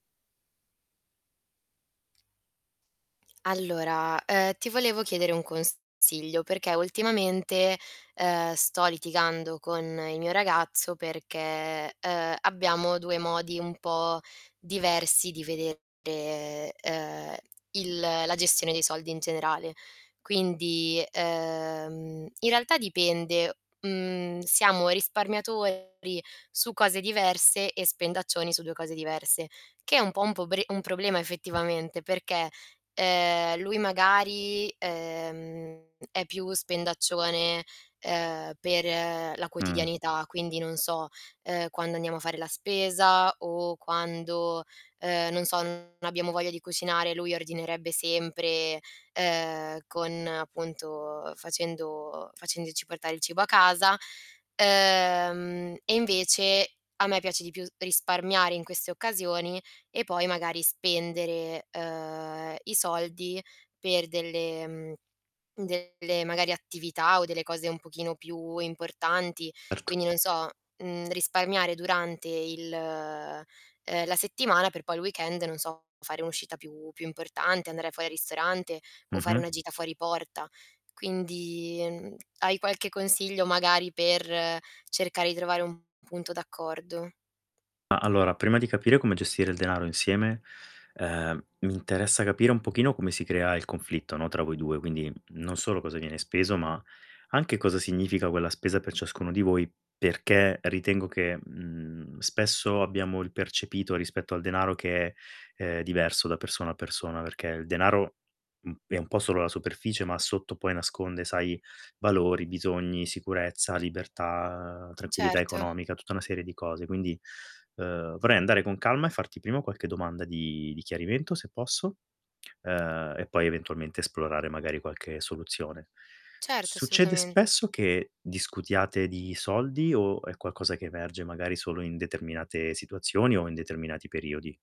Allora, uhm, ti volevo chiedere un consiglio perché ultimamente, uhm, sto litigando con il mio ragazzo perché, uhm, abbiamo 2 modi un po' diversi di vedere, uhm, il la gestione dei soldi in generale. Quindi, uhm, in realtà dipende, mhmm, siamo risparmiatori su cose diverse, e spendaccioni su 2 cose diverse, che è un po' un pobre un problema effettivamente, perché, uhm, lui magari, uhm, è più spendaccione, uhm, per la Mh. quotidianità, quindi non so, uhm, quando andiamo a fare la spesa, o quando, uhm, non so, non abbiamo voglia di cucinare, lui ordinerebbe sempre, uhm, con appunto facendo facendoci portare il cibo a casa. Uhm, e, invece, a me piace di più s risparmiare in queste occasioni, e poi magari, spendere, uhm, i soldi per delle mhmm, delle magari attività o delle cose un pochino più importanti. Erto. Quindi non so, mhmm, risparmiare durante il uhm, la settimana per poi il weekend non so, fare un'uscita più più importante, andare fuori al ristorante, o fare Mh-mh. una gita fuori porta. Quindi, mhmm, hai qualche consiglio, magari, per cercare di trovare un punto d'accordo? Ah, allora, prima di capire come gestire il denaro insieme, uhm, mi interessa capire un pochino come si crea il conflitto, no, tra voi 2. Quindi, mhmm, non solo cosa viene speso, ma anche cosa significa quella spesa per ciascuno di voi, perché ritengo che, mhmm, spesso abbiamo il percepito rispetto al denaro che è, uhm, diverso da persona a persona, perché il denaro, mhmm, è un po' solo la superficie, ma sotto poi nasconde, sai, valori, bisogni, sicurezza, libertà, tranquillità Certo. economica, tutta una serie di cose. Quindi, uhm, vorrei andare con calma e farti prima qualche domanda di di chiarimento, se posso, uhm, e poi eventualmente esplorare magari qualche soluzione. Certo, Succede assolutamente. spesso che discutiate di soldi, o è qualcosa che emerge, magari, solo in determinate situazioni, o in determinati periodi?